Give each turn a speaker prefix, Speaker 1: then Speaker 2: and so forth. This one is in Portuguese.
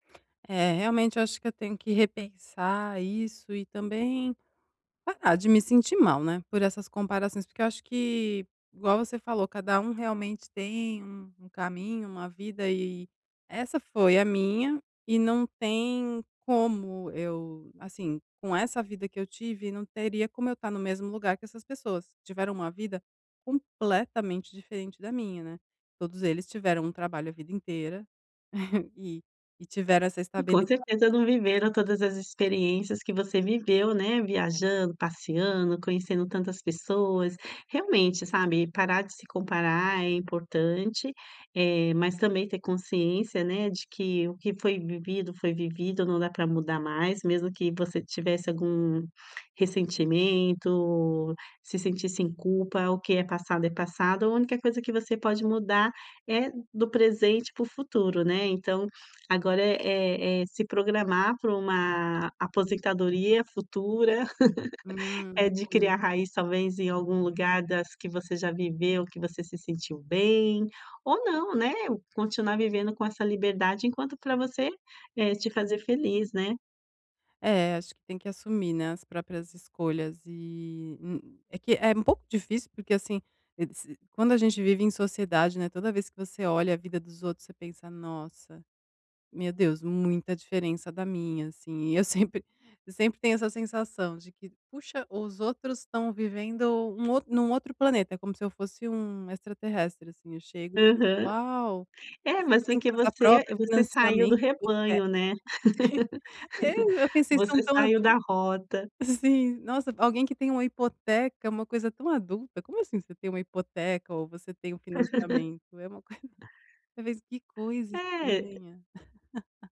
Speaker 1: É, realmente eu acho que eu tenho que repensar isso e também parar de me sentir mal, né, por essas comparações, porque eu acho que, igual você falou cada um realmente tem um um caminho, uma vida e essa foi a minha e não tem como eu, assim, com essa vida que eu tive não teria como eu estar no mesmo lugar que essas pessoas, que tiveram uma vida completamente diferente da minha, né, todos eles tiveram um trabalho a vida inteira e e tiveram essa
Speaker 2: E com
Speaker 1: estabilidade.
Speaker 2: certeza não viveram todas as experiências que você viveu, né,
Speaker 1: É.
Speaker 2: viajando, passeando, conhecendo tantas pessoas, realmente, sabe, e parar de se comparar é importante, eh, mas também ter consciência, né, de que o que foi vivido foi vivido, não dá pra mudar mais, mesmo que você tivesse algum ressentimento, se sentisse em culpa, o que é passado é passado, a única coisa que você pode mudar é do presente para o futuro, né. Então, agora é é é se programar para uma aposentadoria futura,
Speaker 1: Hum,
Speaker 2: é de
Speaker 1: sim.
Speaker 2: criar raiz, talvez, em algum lugar das que você já viveu, que você se sentiu bem, ou não, né, ou continuar vivendo com essa liberdade enquanto pra você, é te fazer feliz, né.
Speaker 1: É, acho que tem que assumir, né, as próprias escolhas e, hum, é que, é um pouco difícil, porque assim, e se, quando a gente vive em sociedade, né, toda vez que você olha a vida dos outros você pensa nossa, meu Deus, muita diferença da minha assim e eu sempre eu sempre tenho essa sensação de que puxa os outros estão vivendo um out num outro planeta como se eu fosse um extraterrestre, assim, eu chego e penso:
Speaker 2: Aham.
Speaker 1: "Uau,
Speaker 2: É,
Speaker 1: vocês
Speaker 2: mas
Speaker 1: têm
Speaker 2: porque
Speaker 1: casa
Speaker 2: você,
Speaker 1: própria,
Speaker 2: você saiu do
Speaker 1: financiamento, hipoteca".
Speaker 2: rebanho né,
Speaker 1: É, eu pensei, são
Speaker 2: você
Speaker 1: tão
Speaker 2: saiu
Speaker 1: adultos,
Speaker 2: da rota.
Speaker 1: assim, nossa alguém que tem uma hipoteca é uma coisa tão adulta, como assim você tem uma hipoteca ou você tem um financiamento é uma coisa, eu penso: "Que coisa
Speaker 2: É.
Speaker 1: estranha"..